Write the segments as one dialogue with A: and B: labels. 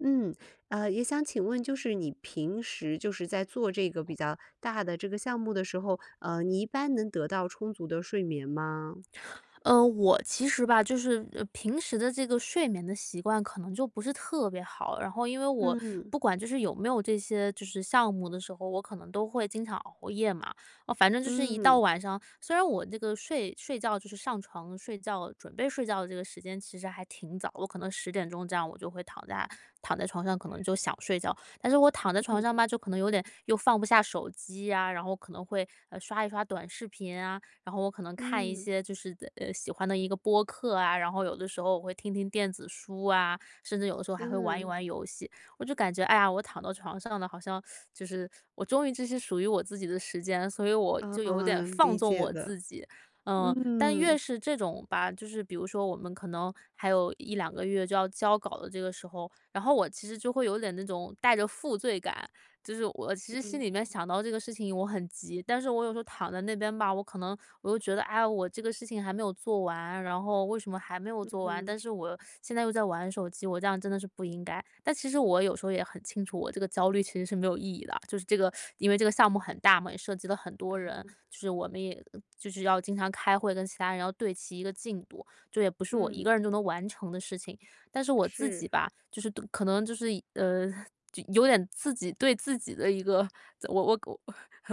A: 嗯，呃，也想请问，就是你平时就是在做这个比较大的这个项目的时候，呃，你一般能得到充足的睡眠吗？
B: 呃，我其实吧，就是，呃平时的这个睡眠的习惯可能就不是特别好，然后因为我
A: 嗯。
B: 不管就是有没有这些，就是项目的时候，我可能都会经常熬夜嘛。呃，反正就是一到
A: 嗯。
B: 晚上虽然我那个睡睡觉，就是上床睡觉，准备睡觉的这个时间其实还挺早，我可能10点钟这样我就会躺在躺在床上，可能就想睡觉。但是我躺在床
A: 嗯。
B: 上吧，就可能有点，又放不下手机啊，然后可能会，呃，刷一刷短视频啊，然后我可能看一
A: 嗯。
B: 些就是的喜欢的一个播客啊，然后有的时候我会听听电子书啊，甚至有的时候还会玩一
A: 嗯。
B: 玩游戏。我就感觉，哎呀，我躺到床上了，好像，就是，我终于就是属于我自己的时间，所以我
A: 嗯，
B: 就有点
A: 哦，
B: 放
A: 理
B: 纵
A: 解
B: 我
A: 的。
B: 自己。呃，但越
A: 嗯。
B: 是这种吧，就是比如说我们可能，还有1-2个月就要交稿的这个时候，然后我其实就会有点那种带着负罪感，就是我其实心
A: 嗯。
B: 里面想到这个事情我很急，但是我有时候躺在那边吧，我可能我又觉得，哎呀，我这个事情还没有做完，然后为什么还没有
A: 嗯
B: 做完，
A: 哼。
B: 但是我现在又在玩手机，我这样真的是不应该。但其实我有时候也很清楚，我这个焦虑其实是没有意义的。就是这个，因为这个项目很大嘛，也涉及了很多人，就是我们也就是要经常开会跟其他人要对齐一个进度，这也不是我一个
A: 嗯。
B: 人就能完成的事情。但是我自己
A: 是。
B: 吧，就是对可能就是，呃，就有点自己对自己的一个怎我我我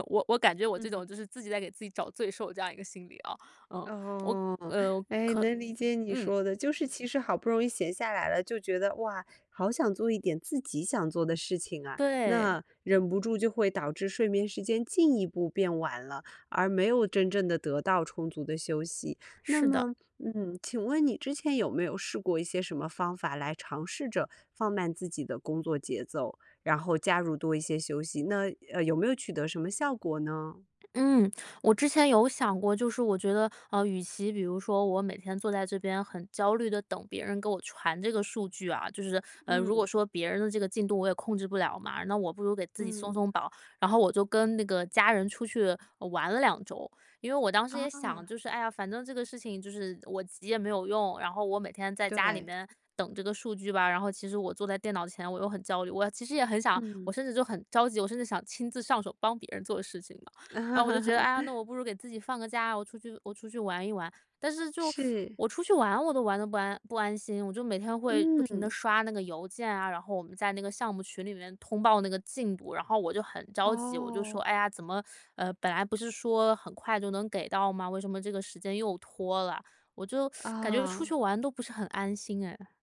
B: 我我感觉我这
A: 嗯。
B: 种就是自己在给自己找罪受这样一个心理啊，呃，我
A: 哦。
B: 呃，
A: 哎，
B: 可
A: 能理解你
B: 嗯。
A: 说的，就是其实好不容易闲下来了，就觉得，哇，好想做一点自己想做的事情啊。
B: 对。
A: 那，忍不住就会导致睡眠时间进一步变晚了，而没有真正地得到充足的休息。那
B: 是的。
A: 么，嗯，请问你之前有没有试过一些什么方法来尝试着放慢自己的工作节奏，然后加入多一些休息，那呃，有没有取得什么效果呢？
B: 嗯。我之前有想过，就是我觉得，呃，与其比如说我每天坐在这边很焦虑地等别人给我传这个数据啊，就是，呃如
A: 嗯。
B: 果说别人的这个进度我也控制不了嘛，那我不如给自己
A: 嗯。
B: 松松绑，然后我就跟那个家人出去玩了2周。因为我当时也想，
A: 哦。
B: 就是，哎呀，反正这个事情，就是我急也没有用，然后我每天在家里
A: 对。
B: 面等这个数据吧，然后其实我坐在电脑前我又很焦虑，我其实也很想
A: 嗯。
B: 我甚至就很着急，我甚至想亲自上手帮别人做事情嘛。然后我就觉得：“哎呀，那 我不如给自己放个假，我出去我出去玩一玩。”但是就
A: 是。
B: 我出去玩我都玩得不安不安心，我就每天会不停地
A: 嗯。
B: 刷那个邮件啊，然后我们在那个项目群里面通报那个进度，然后我就很着急。我就说：
A: 哦。
B: “哎呀，怎么，呃，本来不是说很快就能给到吗？为什么这个时间又拖了？”我就 感觉出去
A: 啊。
B: 玩都不是很安心哎。